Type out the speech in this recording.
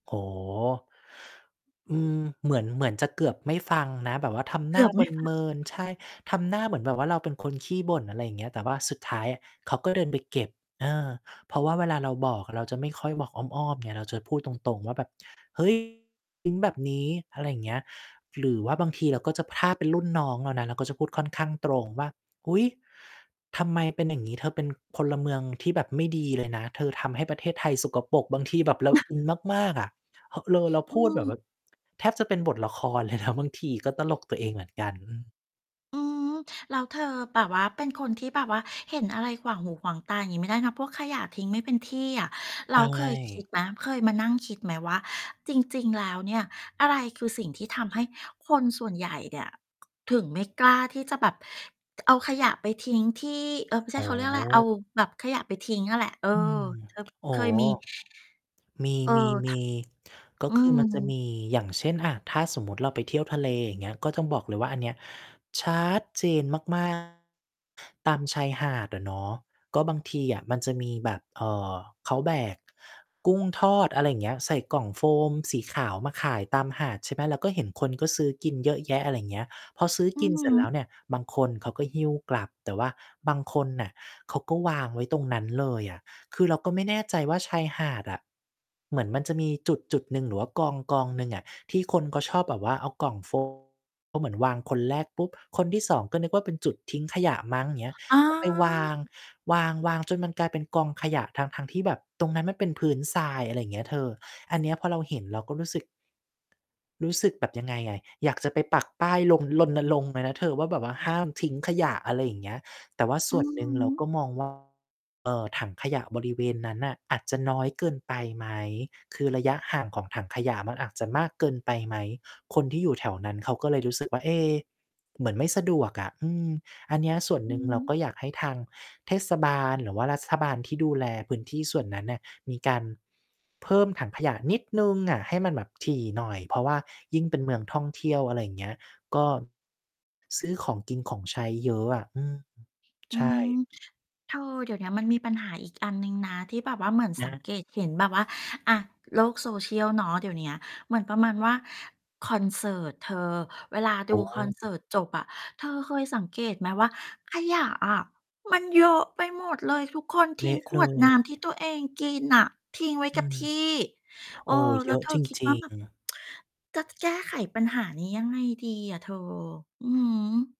โอ้โฮ อืม เหมือน เหมือนจะเกือบไม่ฟังนะ แบบว่าทำเกหนื้าอบไเม่ ฟัมิน ง ๆ ใช่ ทำหน้าเหมือนแบบว่าเราเป็น คนขี้บ่น อะไรอย่างเงี้ย แต่ว่าสุดท้ายอะ เขาก็ เดิน ไปเก็บ เออ เพราะว่าเวลาเราบอก เราจะไม่ค่อยบอกอ้อม ๆ ไง เราจะพูดตรง ๆ ว่าแบบ "เฮ้ย ทิ้งแบบนี้" อะไรเงี้ย หรือว่าบางทีเราก็จะ ถ้าเป็นรุ่นน้องเรานะ เราก็จะพูดค่อนข้างตรงว่า "อุ๊ย ทำไมเป็นอย่างนี้ เธอเป็นพลเมืองที่แบบไม่ดี เลยนะ เธอทำให้ประเทศไทยสกปรก" บางทีแบบเราอินมาก ๆ อะ ห เรอ เราอพืูดแบบ ม ว แทบจะเป็นบทละครเลย นะ บางทีก็ตลกตัวเองเหมือนกัน อือ อืม แล้วเธอแบบว่า เป็นคนที่แบบว่า เห็นอะไรขวางหูขวางตางี้ไม่ได้นะ พวกขยะทิ้งไม่เป็นที่อะ ใแล้ชวเคยคิด่ ไหม? เคยมานั่งคิดไหมว่า จริง ๆ แล้วเนี่ย อะไรคือสิ่งที่ทำให้คนส่วนใหญ่เนี่ย ค ถึงไม่กล้าที่จะแบบ ก เอาขยะไปทิ้งที่ เอ่อ ไม่ใชโอ่ ้ เขาเรียกอะไร เอาแบบขยะไปทิ้งอะแหละ เออ อืม เธออเค๋อ ยมี มเออ ท ี ๆ ๆ ก็อืคือมันจะมม ี อย่างเช่น อ่า ถ้าสมมุติเราไปเที่ยวทะเล อย่างเงี้ย ก็ต้องบอกเลยว่า อันเนี้ยชัดเจน มาก ๆ ตามชายหาดอะเนาะ ก็บางทีอะมันจะมีแบบ เอ่อ เขาแบกกุ้งทอด อะไรเงี้ย ใส่กล่องโฟมสีขาวมาขายตามหาด ใช่ไหม ก็เห็นคนก็ซื้อกินเยอะแยะ อะไรเงี้ย พอซื้ออืกิอนฮเสร็จแึ ล้วเนี่ย บางคนเขาก็หิ้วกลับ แต่ว่าบางคนน่ะเขาก็วางไว้ตรงนั้นเลยอะ คือเราก็ไม่แน่ใจว่าชายหาดอะ เหมือนมันจะมีจุด ๆ หนึ่ง หรือว่ากอง ๆ หนึ่งอะที่คนก็ชอบแบบว่าเอากล่อง โฟม ก็เหมือนวางคนแรกปุ๊บ คนที่ 2 ก็นึกว่าเป็นจุดทิ้งขยะมั้ง อย่างเงี้ย อา ก็ ไปวาง วาง ๆ จนมันกลายเป็นกองขยะ ทั้ง ๆ ที่แบบตรงนั้นมันเป็นพื้นทราย อะไรเงี้ยเธอ อันเนี้ยพอเราเห็น เราก็รู้สึก รู้สึกแบบยังไงอะ อยากจะไปปักป้ายรณ รณรงค์เลยนะเธอว่า แบบว่าห้ามทิ้งขยะ อะไรอย่างเงี้ย แต่ว่าสอื่วอนหนึ่งฮเราึ ก็มอง ว่า เอ่อ ถังขยะบริเวณนั้นน่ะ อาจจะน้อยเกินไปไหม คือระยะห่างของถังขยะมันอาจจะมากเกินไปไหม คนที่อยู่แถวนั้นเขาก็เลยรู้สึก ว่า เอ๊ เหมือนไม่สะดวกอะ อืม อันเนี้ยส่วนอืหนึ่งเรากอ ็อยากให้ทางเทศบาล หรือว่ารัฐบาลที่ดูแลพื้นที่ส่วนนั้นน่ะ มีการ เพิ่มถังขยะนิดหนึ่งอะ ให้มันแบบถี่หน่อย เพราะว่ายิ่งเป็นเมืองท่องเที่ยว อะไรอย่างเงี้ย ก็ ซื้อของกินของใช้เยอะอะ อืม อืใช่ ม เธอ เดี๋ยวนี้มันมีปัญหาอีกอันหนึ่งนะ ที่แบบว่าเหมือนอสังา เกตเห็นแบบว่า อ่า โลก social เนาะ เดี๋ยวเนี้ย เหมือนประมาณว่า คอนเสิร์ตเธอ เวลาโดอูคอนเสิ้ ร์ตจบอะ เธอเคยสังเกตไหมว่า ขยะอะ มันเยอะไปหมดเลย ทุกคนทเลิ้งะขเลวดน้ย ำที่ตัวเองกินน่ะ ทิ้งไว้อกัืบม ที่ เโอออ ้ แเลย้วอะเธอจคิดรว่าิแง บบ ๆ จะแก้ไขปัญหานี้ยังไงดีอะเธอ? อือฮึ